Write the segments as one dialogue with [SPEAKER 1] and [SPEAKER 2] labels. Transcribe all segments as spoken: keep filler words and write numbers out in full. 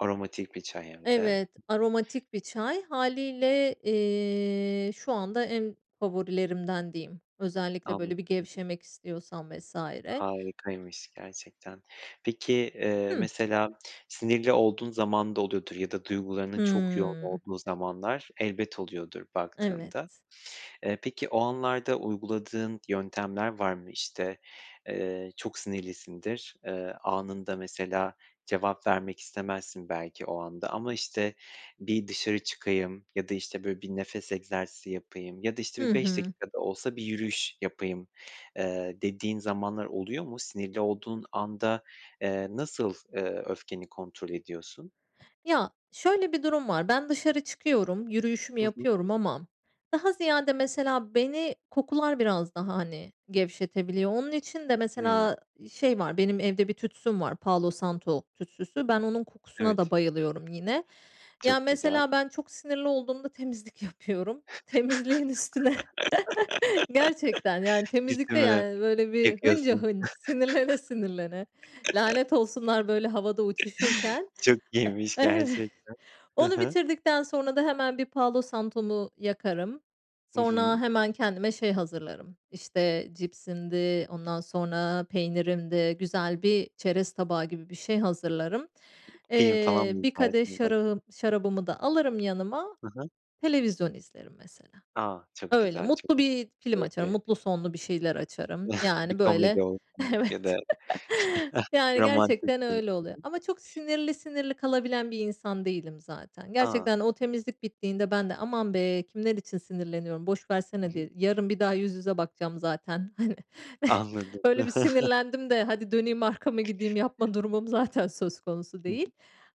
[SPEAKER 1] Aromatik bir çay hem de.
[SPEAKER 2] Evet. Aromatik bir çay. Hâliyle, eee, şu anda en favorilerimden diyeyim. Özellikle
[SPEAKER 1] Anlad
[SPEAKER 2] böyle bir
[SPEAKER 1] Hı hı.
[SPEAKER 2] gevşemek istiyorsan vs.
[SPEAKER 1] Harikaymış gerçekten. Peki, eee,
[SPEAKER 2] Hıı.
[SPEAKER 1] mesela sinirli olduğun zaman da oluyordur ya da duygularının çok yoğun
[SPEAKER 2] Hımm.
[SPEAKER 1] olduğu zamanlar elbet oluyordur baktığında.
[SPEAKER 2] Evet.
[SPEAKER 1] Eee, peki o anlarda uyguladığın yöntemler var mı? İşte, eee, çok sinirlisindir, eee, anında mesela cevap vermek istemezsin belki o anda ama, işte, bir dışarı çıkayım ya da, işte, böyle bir nefes egzersizi yapayım ya da, işte,
[SPEAKER 2] Hı
[SPEAKER 1] bir beş
[SPEAKER 2] hı.
[SPEAKER 1] dakika da olsa bir yürüyüş yapayım, eee, dediğin zamanlar oluyor mu? Sinirli olduğun anda, eee, nasıl, eee, öfkeni kontrol ediyorsun?
[SPEAKER 2] Ya, şöyle bir durum var. Ben dışarı çıkıyorum, yürüyüşümü
[SPEAKER 1] Hı hı.
[SPEAKER 2] yapıyorum ama daha ziyade mesela beni kokular biraz daha, hani, gevşetebiliyor. Onun için de
[SPEAKER 1] Hımm.
[SPEAKER 2] mesela i şey var, benim evde bir tütsüm var, Palo Santo tütsüsü. Ben onun kokusuna da
[SPEAKER 1] Evet.
[SPEAKER 2] bayılıyorum yine. Ya,
[SPEAKER 1] Çok güzel.
[SPEAKER 2] mesela ben çok sinirli olduğumda temizlik yapıyorum. Temizliğin üstüne Gerçekten. Yani temizlik de
[SPEAKER 1] [unintelligible]
[SPEAKER 2] yani böyle bir
[SPEAKER 1] yıkıyorsun?
[SPEAKER 2] hıncahınç, sinirlene sinirlene, "Lanet olsunlar!" böyle havada uçuşurken
[SPEAKER 1] Çok iyiymiş
[SPEAKER 2] E Evet.
[SPEAKER 1] gerçekten. Hı
[SPEAKER 2] Onu
[SPEAKER 1] hı.
[SPEAKER 2] bitirdikten sonra da hemen bir Palo Santo'mu yakarım.
[SPEAKER 1] Hı
[SPEAKER 2] Sonra
[SPEAKER 1] hı.
[SPEAKER 2] hemen kendime şey hazırlarım. İşte cipsimdi, ondan sonra peynirimdi, güzel bir çerez tabağı gibi bir şey hazırlarım.
[SPEAKER 1] Film falan
[SPEAKER 2] Eee,
[SPEAKER 1] mı
[SPEAKER 2] bir kadeh
[SPEAKER 1] izlersin [unintelligible]
[SPEAKER 2] şarahım şarabımı da alırım yanıma,
[SPEAKER 1] Hı hı.
[SPEAKER 2] televizyon izlerim mesela.
[SPEAKER 1] A! Çok
[SPEAKER 2] Öyle,
[SPEAKER 1] güzel, çok
[SPEAKER 2] mutlu bir film açarım
[SPEAKER 1] keyifli.
[SPEAKER 2] mutlu sonlu bir şeyler açarım
[SPEAKER 1] Bir
[SPEAKER 2] yani böyle
[SPEAKER 1] komedi olsun ya da
[SPEAKER 2] Evet. Yani,
[SPEAKER 1] romantik
[SPEAKER 2] gerçekten
[SPEAKER 1] bir
[SPEAKER 2] öyle
[SPEAKER 1] Hı
[SPEAKER 2] oluyor
[SPEAKER 1] hı.
[SPEAKER 2] ama çok sinirli sinirli kalabilen bir insan değilim zaten.
[SPEAKER 1] A!
[SPEAKER 2] Gerçekten o temizlik bittiğinde ben de, "Aman be, kimler için sinirleniyorum boş
[SPEAKER 1] Hı
[SPEAKER 2] versene."
[SPEAKER 1] hı.
[SPEAKER 2] diye Yarın bir daha yüz yüze bakacağım zaten, hani.
[SPEAKER 1] Anladım.
[SPEAKER 2] Böyle bir sinirlendim de hadi döneyim arkamı, gideyim yapma durumum zaten söz konusu
[SPEAKER 1] Hı
[SPEAKER 2] değil.
[SPEAKER 1] hı.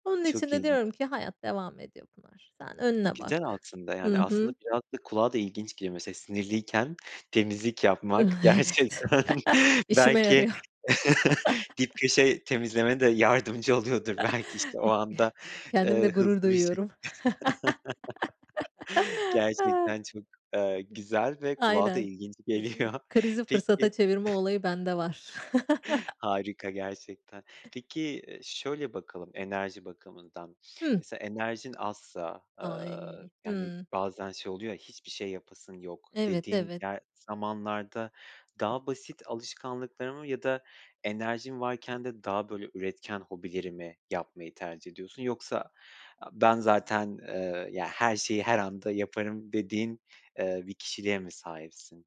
[SPEAKER 2] Onun için
[SPEAKER 1] Çok
[SPEAKER 2] de diyorum
[SPEAKER 1] ilginç.
[SPEAKER 2] ki, "Hayat devam ediyor Pınar. Sen önüne
[SPEAKER 1] Güzel
[SPEAKER 2] bak."
[SPEAKER 1] aslında
[SPEAKER 2] Hı
[SPEAKER 1] yani aslında
[SPEAKER 2] hı.
[SPEAKER 1] biraz da kulağa da ilginç geliyor, mesela sinirliyken temizlik
[SPEAKER 2] Ah, evet.
[SPEAKER 1] yapmak gerçekten
[SPEAKER 2] İşime
[SPEAKER 1] belki
[SPEAKER 2] yarıyor.
[SPEAKER 1] dip köşe temizlemene de yardımcı oluyordur belki, işte o
[SPEAKER 2] I
[SPEAKER 1] anda,
[SPEAKER 2] Kendimle
[SPEAKER 1] eee,
[SPEAKER 2] gurur
[SPEAKER 1] hızlı bir ş
[SPEAKER 2] duyuyorum.
[SPEAKER 1] Gerçekten çok, eee, güzel ve kulağa da
[SPEAKER 2] Aynen.
[SPEAKER 1] ilginç
[SPEAKER 2] E i
[SPEAKER 1] geliyor.
[SPEAKER 2] Krizi
[SPEAKER 1] Peki
[SPEAKER 2] fırsata çevirme olayı bende var.
[SPEAKER 1] Harika gerçekten. Peki, eee, şöyle bakalım, enerji bakımından.
[SPEAKER 2] Hı.
[SPEAKER 1] Mesela enerjin azsa, aaa,
[SPEAKER 2] Ay,
[SPEAKER 1] yani
[SPEAKER 2] hıı.
[SPEAKER 1] bazen şey oluyor ya, hiçbir şey yapasın yok
[SPEAKER 2] Evet,
[SPEAKER 1] dediğin
[SPEAKER 2] evet.
[SPEAKER 1] yer zamanlarda daha basit alışkanlıkları mı ya da enerjin varken de daha böyle üretken hobileri mi yapmayı tercih ediyorsun? Yoksa a ben zaten, eee, ya, her şeyi her anda yaparım dediğin, eee, bir kişiliğe mi sahipsin?